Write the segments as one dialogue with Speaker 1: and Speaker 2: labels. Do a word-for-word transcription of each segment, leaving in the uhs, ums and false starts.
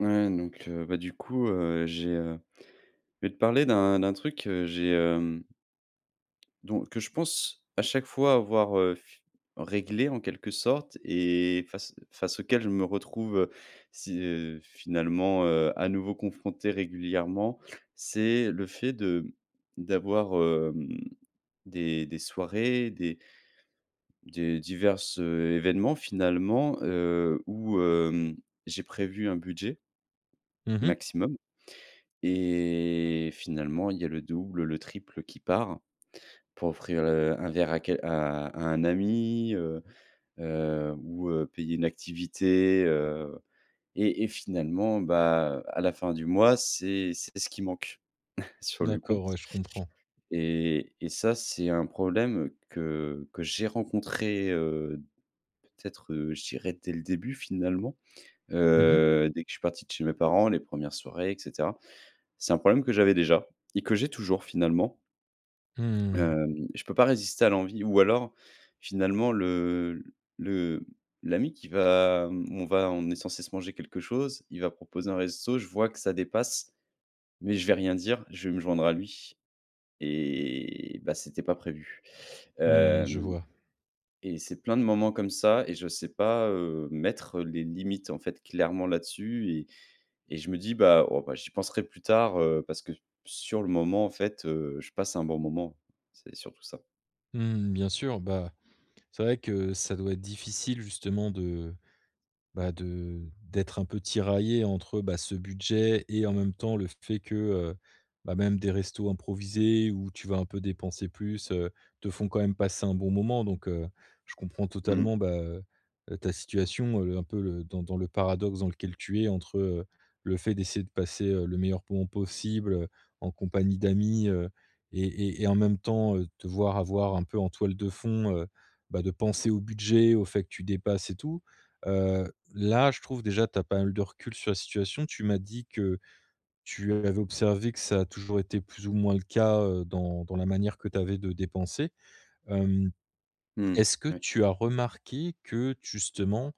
Speaker 1: Ouais. Donc, heu, bah, du coup, heu, j'ai, heu je vais te parler d'un d'un truc que, heu, j'ai, hem, don que je pense à chaque fois avoir, heu, f réglé en quelque sorte et face face auquel je me retrouve, heu, si heu, finalement, heu, à nouveau confronté régulièrement. C'est le fait de d'avoir, hem, des des soirées, des des diverses événements finalement, heu, où, hem, j'ai prévu un budget,
Speaker 2: Mmh mh.
Speaker 1: maximum. Et finalement, il y a le double, le triple qui part, pour offrir le un verre à quel à à un ami, heu, heu, ou, heu, payer une activité, heu. Et et finalement, bah, à la fin du mois, c'est c'est ce qui manque sur le
Speaker 2: D'accord.
Speaker 1: compte.
Speaker 2: Ouais, je comprends.
Speaker 1: Et et ça, c'est un problème que que j'ai rencontré, heu, peut-être, heu, je dirais dès le début, finalement.
Speaker 2: Mmh mh.
Speaker 1: Heu, dès que je suis parti de chez mes parents, les premières soirées et cetera. C'est un problème que j'avais déjà et que j'ai toujours finalement.
Speaker 2: Mmh.
Speaker 1: Hem, je peux pas résister à l'envie ou alors finalement le le l'ami qui va on va on est censé se manger quelque chose. Il va proposer un resto, je vois que ça dépasse, mais je vais rien dire. Je vais me joindre à lui. Et, bah, c'était pas prévu.
Speaker 2: Mmh, je
Speaker 1: Hem,
Speaker 2: vois.
Speaker 1: et c'est plein de moments comme ça et je sais pas, heu, mettre les limites, en fait, clairement, là-dessus. Et et je me dis: «Bah, oh, bah j'y penserai plus tard», heu, parce que s sur le moment, en fait, heu, je passe un bon moment, c'est surtout ça.
Speaker 2: Mmh. Bien sûr, bah, c'est vrai que ça doit être difficile justement de, bah, de d'être un peu tiraillé entre, bah, ce budget et en même temps le fait que, heu, bah, même des restos improvisés où tu vas un peu dépenser plus, heu, te font quand même passer un bon moment. Donc, heu, je comprends
Speaker 1: Mmh.
Speaker 2: totalement, bah, heu, ta situation. Heu, un peu le dans dans le paradoxe dans lequel tu es entre, heu, le fait d'essayer de passer, heu, le meilleur moment possible, heu, en compagnie d'amis, heu. Et et et en même temps te voir avoir un peu en toile de fond, heu, bah, de penser au budget au fait que tu dépasses et tout. Heu, là je trouve déjà tu as pas mal de recul sur la situation. Tu m'as dit que tu avais observé que ça a toujours été plus ou moins le cas, heu, dans dans la manière que tu avais de dépenser. Hem,
Speaker 1: Mmh mh,
Speaker 2: est-ce que
Speaker 1: ouais.
Speaker 2: tu as remarqué que justement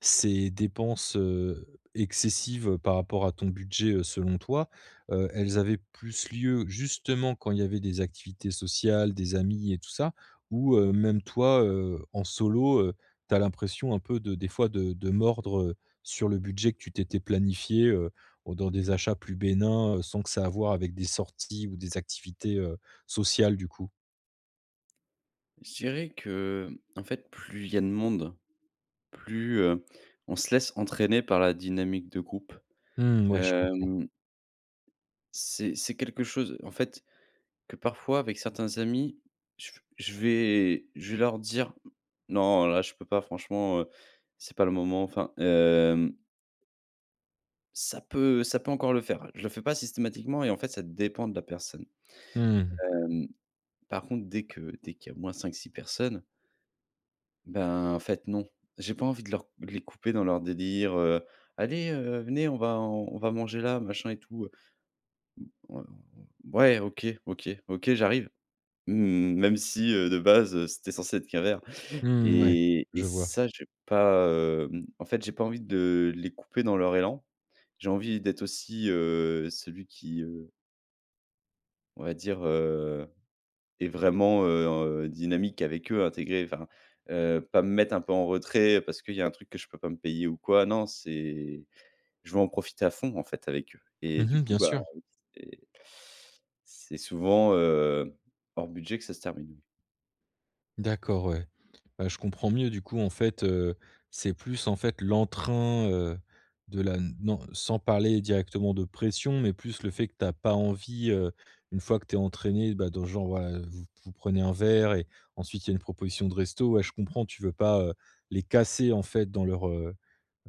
Speaker 2: ces dépenses, heu, excessives, heu, par rapport à ton budget, heu, selon toi, heu, elles avaient plus lieu justement quand il y avait des activités sociales, des amis et tout ça? Ou, heu, même toi, heu, en solo, heu, tu as l'impression un peu de des fois de de mordre, heu, sur le budget que tu t'étais planifié, heu, dans des achats plus bénins? Sans que ça ait à voir avec des sorties ou des activités, heu, sociales, du coup.
Speaker 1: Je dirais qu'en fait, plus il y a de monde, plus, heu, on se laisse entraîner par la dynamique de groupe.
Speaker 2: Mmh, ouais je comprends.
Speaker 1: Hem c'est c'est quelque chose en fait, que parfois avec certains amis, je v je vais je vais leur dire: «Non, là, je peux pas franchement, heu, c'est pas le moment», enfin heu ça peut ça peut encore le faire. Je le fais pas systématiquement et en fait, ça dépend de la personne.
Speaker 2: Mmh mh.
Speaker 1: Hem, par contre, dès que dès qu'il y a au moins cinq-six personnes ben en fait non. J'ai pas envie de leur de les couper dans leur délire, heu: «Allez, heu, venez, on va on va manger là, machin et tout, heu». «Mmh,. [unintelligible] Ouais, OK. OK. OK, j'arrive». Mmh, même si, heu, de base, heu, c'était censé être qu'un verre.
Speaker 2: Mmh, ouais,
Speaker 1: Et et
Speaker 2: je vois.
Speaker 1: ça, j'ai pas, hem, en fait, j'ai pas envie de les couper dans leur élan. J'ai envie d'être aussi, heu, celui qui, heu on va dire, heu, est vraiment, heu, en, heu, dynamique avec eux, intégré enfin. Heu, pas me mettre un peu en retrait parce qu'il y a un truc que je peux pas me payer ou quoi. Non c'est je veux en profiter à fond en fait avec eux.
Speaker 2: Mmh
Speaker 1: Et du
Speaker 2: mh,
Speaker 1: coup,
Speaker 2: bien
Speaker 1: bah,
Speaker 2: sûr.
Speaker 1: oui c'est c'est souvent, heu, hors budget que ça se termine, oui.
Speaker 2: D'accord ouais. Bah, je comprends mieux du coup en fait, heu, c'est plus en fait l'entrain, heu, de la non, sans parler directement de pression mais plus le fait que tu as pas envie, heu, une fois que tu es entraîné, bah, dans genre ouais, heu, vous vous prenez un verre et ensuite il y a une proposition de resto. Ouais je comprends tu veux pas, heu, les casser en fait dans leur, heu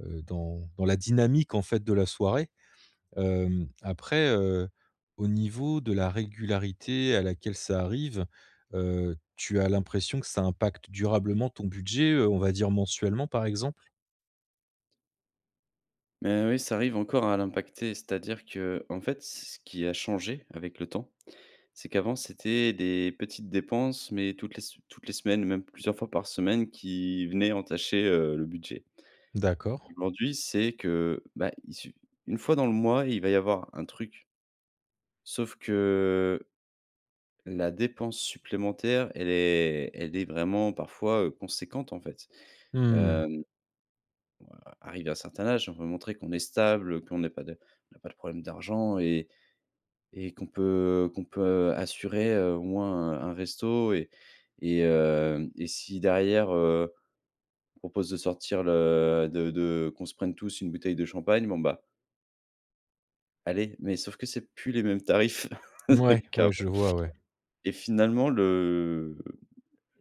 Speaker 2: heu, dans dans la dynamique en fait de la soirée. Hem, après, heu, au niveau de la régularité à laquelle ça arrive, heu, tu as l'impression que ça impacte durablement ton budget, heu, on va dire mensuellement par exemple?
Speaker 1: Mais oui, ça arrive encore à l'impacter, c'est-à-dire qu'en fait, c ce qui a changé avec le temps, c'est qu'avant, c'étaient des petites dépenses, mais toutes les sem toutes les semaines, même plusieurs fois par semaine qui venaient entacher, heu, le budget
Speaker 2: D'accord.
Speaker 1: aujourd'hui, c'est que, bah, il su une fois dans le mois, il va y avoir un truc sauf que, la dépense supplémentaire, elle est elle est vraiment parfois, heu, conséquente en fait.
Speaker 2: Mmh.
Speaker 1: Hem, a arrivé à un certain âge, on veut montrer qu'on est stable, heu, qu'on n'a pas de on n'a pas de problème d'argent et et qu'on peut, heu, qu'on peut assurer, heu, au moins un un resto et et heu, et si derrière, heu, on propose de sortir le de de qu'on se prenne tous une bouteille de champagne, bon, bah allez. Mais sauf que c'est plus les mêmes tarifs
Speaker 2: Mouais,
Speaker 1: qu'avant.
Speaker 2: ouais, je vois ouais.
Speaker 1: Et finalement, le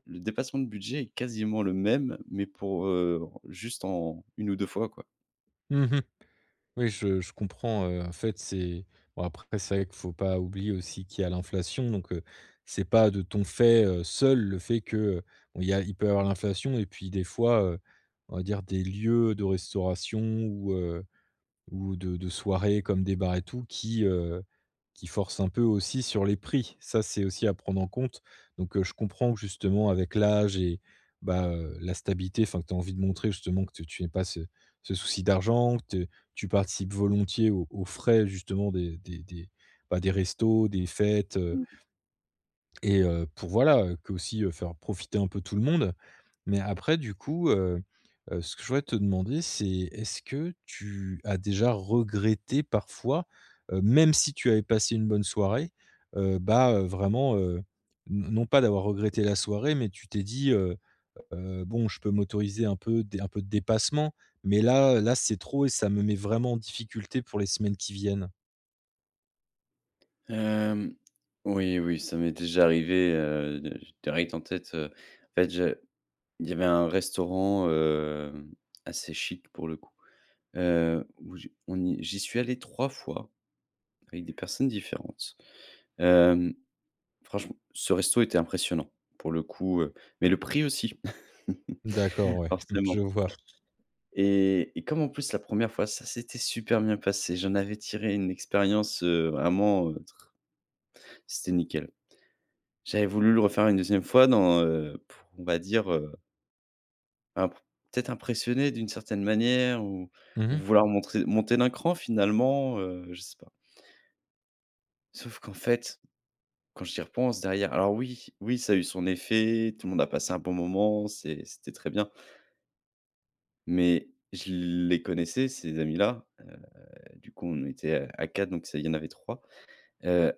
Speaker 1: le dépassement de budget est quasiment le même, mais pour, heu, en juste en une ou deux fois quoi.
Speaker 2: Mmh mh. Oui je je comprends, heu, en fait c'est bon après c'est vrai qu'il faut pas oublier aussi qu'il y a l'inflation donc, heu, c'est pas de ton fait, heu, seul le fait qu'il y a il peut avoir l'inflation et puis des fois, heu, on va dire des lieux de restauration ou, heu, ou de de soirée comme des bars et tout qui, heu, qui forcent un peu aussi sur les prix. Ça c'est aussi à prendre en compte, donc, heu, je comprends justement avec l'âge et bah, heu, la stabilité, enfin que tu as envie de montrer justement que tu tu aie pas ce ce souci d'argent, que te tu participes volontiers aux aux frais justement des des des, bah, des restos, des fêtes heu
Speaker 1: Mmh.
Speaker 2: et heu, pour, voilà, que aussi faire profiter un peu tout le monde. Mais après du coup, heu, heu, ce que je voudrais te demander c'est est-ce que tu as déjà regretté parfois, heu, même si tu avais passé une bonne soirée, heu, bah, heu, vraiment, heu, n non pas d'avoir regretté la soirée mais tu t'es dit, heu: «Heu, bon je peux m'autoriser un peu d un peu de dépassement, mais là là c'est trop et ça me met vraiment en difficulté pour les semaines qui viennent»?
Speaker 1: Hem. Oui, oui ça m'est déjà arrivé, heu, de j'ai direct en tête, heu. En fait, je il y avait un restaurant, hem, assez chic pour le coup. Heu, où j'ai on y j'y suis allé trois fois, avec des personnes différentes. Hem, franchement, ce resto était impressionnant. Pour le coup, heu, mais le prix aussi,
Speaker 2: D'accord. Ouais, mmh, je
Speaker 1: forcément.
Speaker 2: vois.
Speaker 1: Et et comme en plus, la première fois, ça s'était super bien passé. J'en avais tiré une expérience, heu, vraiment, c'était nickel. J'avais voulu le refaire une deuxième fois dans, heu pour, on va dire, heu bah, pour, peut-être, impressionner d'une certaine manière ou
Speaker 2: Mmh
Speaker 1: ou
Speaker 2: mh.
Speaker 1: vouloir montrer monter d'un cran finalement, heu, je sais pas sauf qu'en fait. Quand j'y repense derrière alors oui, oui, ça a eu son effet. Tout le monde a passé un bon moment, c c'était très bien mais, je les connaissais ces amis-là. Heu, du coup, on était à à quatre, donc, s il y en avait trois. Heu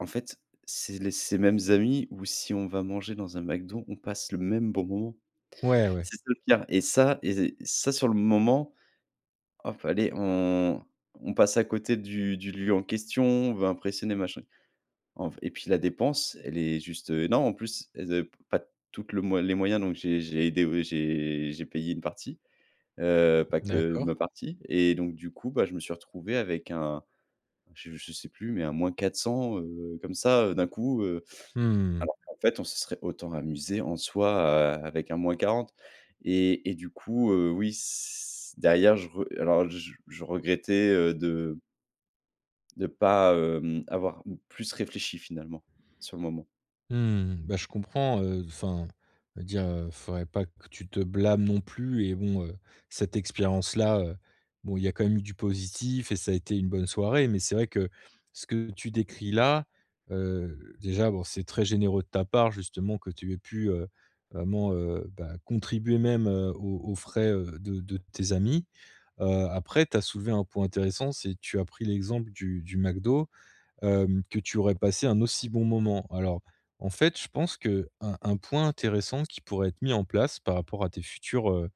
Speaker 1: en fait, c'est les c ces mêmes amis ou si on va manger dans un McDo, on passe le même bon moment.
Speaker 2: Ouais, ouais.
Speaker 1: C'est ça, le pire et ça et zé et ça sur le moment fallait on on passe à côté du du lieu en question. On veut impressionner machin, en v et puis la dépense, elle est juste, heu, énorme en plus. Elles avaient p pas toutes le moye les moyens. Donc j'ai j'ai aidé, ouais, j'ai j'ai payé une partie. Heu, pas que
Speaker 2: D'accord.
Speaker 1: ma partie. Et donc du coup, bah, je me suis retrouvé avec un je je sais plus mais un moins quatre cents heu, comme ça, heu, d'un coup, heu.
Speaker 2: Mmh mh.
Speaker 1: Alors qu'en fait, on se serait autant amusés en soi, a avec un moins quarante et et du coup, heu, oui, c derrière, je re alors je je regrettais heu, de de pas, hem, avoir, plus réfléchi finalement, sur le moment.
Speaker 2: Mmh mh. Bah, je comprends, heu. Enfin, on va dire, heu, faudrait pas que tu te blâmes non plus et bon, heu, cette expérience-là, heu, bon il y a quand même eu du positif et ça a été une bonne soirée. Mais c'est vrai que, ce que tu décris là, heu, déjà bon c'est très généreux de ta part, justement que tu aies pu, heu, vraiment, heu, bah, contribuer même, heu, aux aux frais, heu, de de tes amies. Heu, après tu as soulevé un point intéressant. C'est tu as pris l'exemple du du McDo. Hem, que tu aurais passé un aussi bon moment. Alors, en fait, je pense qu'un un point intéressant, qui pourrait être mis en place, par rapport à tes futures, heu,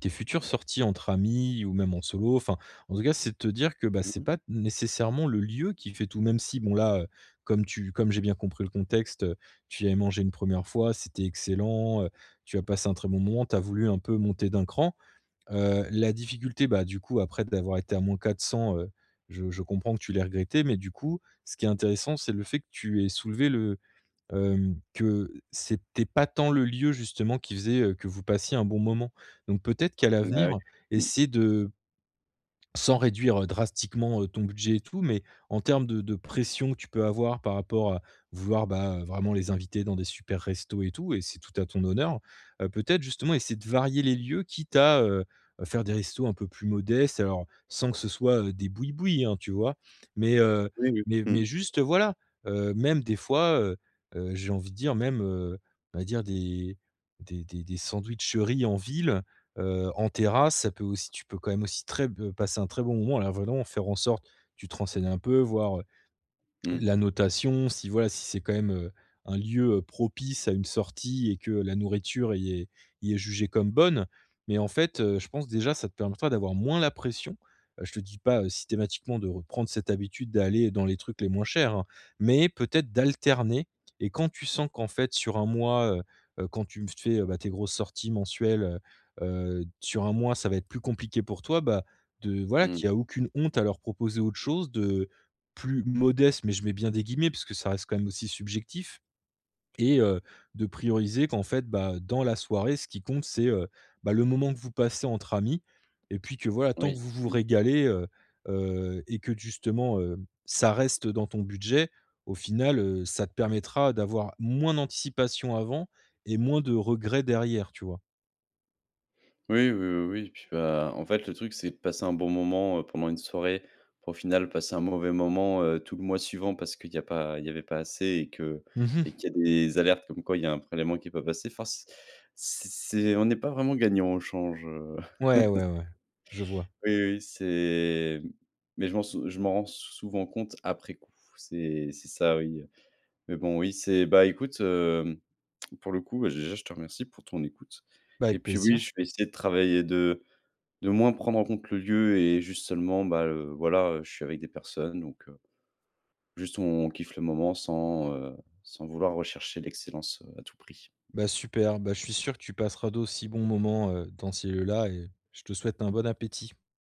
Speaker 2: tes futures sorties entre amis ou même en solo. Enfin, en tout cas, c'est de te dire que: «Bah,
Speaker 1: Mmh
Speaker 2: c'est
Speaker 1: mh.
Speaker 2: pas nécessairement le lieu qui fait tout». Même si, bon là, heu, comme tu comme j'ai bien compris le contexte, heu, tu y avais mangé une première fois, c'était excellent, heu, tu as passé un très bon moment. Tu as voulu, un peu monter d'un cran. Heu, la difficulté, bah, du coup après d'avoir été à moins quatre cents heu, je je comprends que tu l'ai regretté. Mais du coup, ce qui est intéressant, c'est le fait que tu aies soulevé le, hem que, c'était pas tant le lieu justement qui faisait, heu, que vous passiez un bon moment. Donc peut-être qu'à
Speaker 1: Bah ouais.
Speaker 2: l'avenir,
Speaker 1: Mmh.
Speaker 2: essayer de sans réduire, heu, drastiquement, heu, ton budget et tout. Mais en termes de de pression que tu peux avoir par rapport, vouloir, bah, heu, vraiment les inviter dans des supers restos et tout et c'est tout à ton honneur. Heu, peut-être, justement, essayer de varier les lieux, quitte à, heu, faire des restos un peu plus modestes, alors, sans que ce soit, des bouis-bouis hein, tu vois? Mais, heu,
Speaker 1: Oui, oui.
Speaker 2: mais
Speaker 1: Mmh.
Speaker 2: mais juste, voilà. Heu, même des fois, heu, heu, j'ai envie de dire, même, heu, on va dire des des des des sandwicheries en ville, heu, en terrasse ça peut aussi tu peux quand même aussi très b passer un très bon moment. Alors en venant, faire en sorte, tu te renseignes un peu, voir, heu,
Speaker 1: Mmh.
Speaker 2: la notation. Si voilà, si c'est quand même, heu, un lieu, heu, propice à une sortie et que la nourriture y est y est jugée comme bonne. Mais en fait, heu, je pense déjà ça te permettra d'avoir moins la pression. Heu, je te dis pas, heu, systématiquement de reprendre cette habitude d'aller dans les trucs les moins chers, hein. Mais, peut-être, d'alterner et quand tu sens qu'en fait sur un mois, heu, quand tu me fais, bah, tes grosses sorties mensuelles, heu, heu, d sur un mois ça va être plus compliqué pour toi. Bah, de voilà
Speaker 1: Mmh.
Speaker 2: qui a aucune honte à leur proposer autre chose, de plus «modeste» mais, je mets bien des guillemets parce que ça reste quand même aussi subjectif. Et heu, de prioriser qu'en fait, bah, dans la soirée ce qui compte c'est, heu, bah, le moment que vous passez entre amis. Et puis que voilà, tant que
Speaker 1: Oui,
Speaker 2: vous vous
Speaker 1: mmh.
Speaker 2: régalez, heu, heu, et que d justement, heu, ça reste dans ton budget. Au final, heu, ça te permettra d'avoir moins d'anticipation avant et moins de regrets derrière, tu vois?
Speaker 1: Oui, oui. Oui, oui. Puis, bah, en fait, le truc, c'est passer un bon moment, heu, pendant une soirée. Pour au final, passer un mauvais moment, heu, tout le mois suivant parce qu'il y a pas il y avait pas assez et que
Speaker 2: Mmh
Speaker 1: et
Speaker 2: mh.
Speaker 1: qu'il y a des alertes comme quoi il y a un prélèvement qui est pas passé. Enfin c c'est c'est on n'est pas vraiment gagnant au change, heu.
Speaker 2: Ouais, ouais, ouais. Je vois.
Speaker 1: Oui, oui, oui. C'est, mais je m'en sou je m'en rends souvent compte après coup. C'est c'est ça. Oui. Mais, bon oui. C'est, bah, écoute, hem, pour le coup, bah, déjà, je te remercie pour ton écoute.
Speaker 2: Bah,
Speaker 1: Et
Speaker 2: avec
Speaker 1: puis oui,
Speaker 2: plaisir.
Speaker 1: je vais essayer de travailler de de moins prendre en compte le lieu et juste seulement, bah, heu, voilà, heu, je suis avec des personnes, donc, heu, juste on on kiffe le moment. Sans, heu, sans vouloir rechercher l'excellence, heu, à tout prix.
Speaker 2: Bah super. Bah, je suis sûr que tu passeras d'aussi bons moments, heu, dans ces lieux-là et je te souhaite un bon appétit.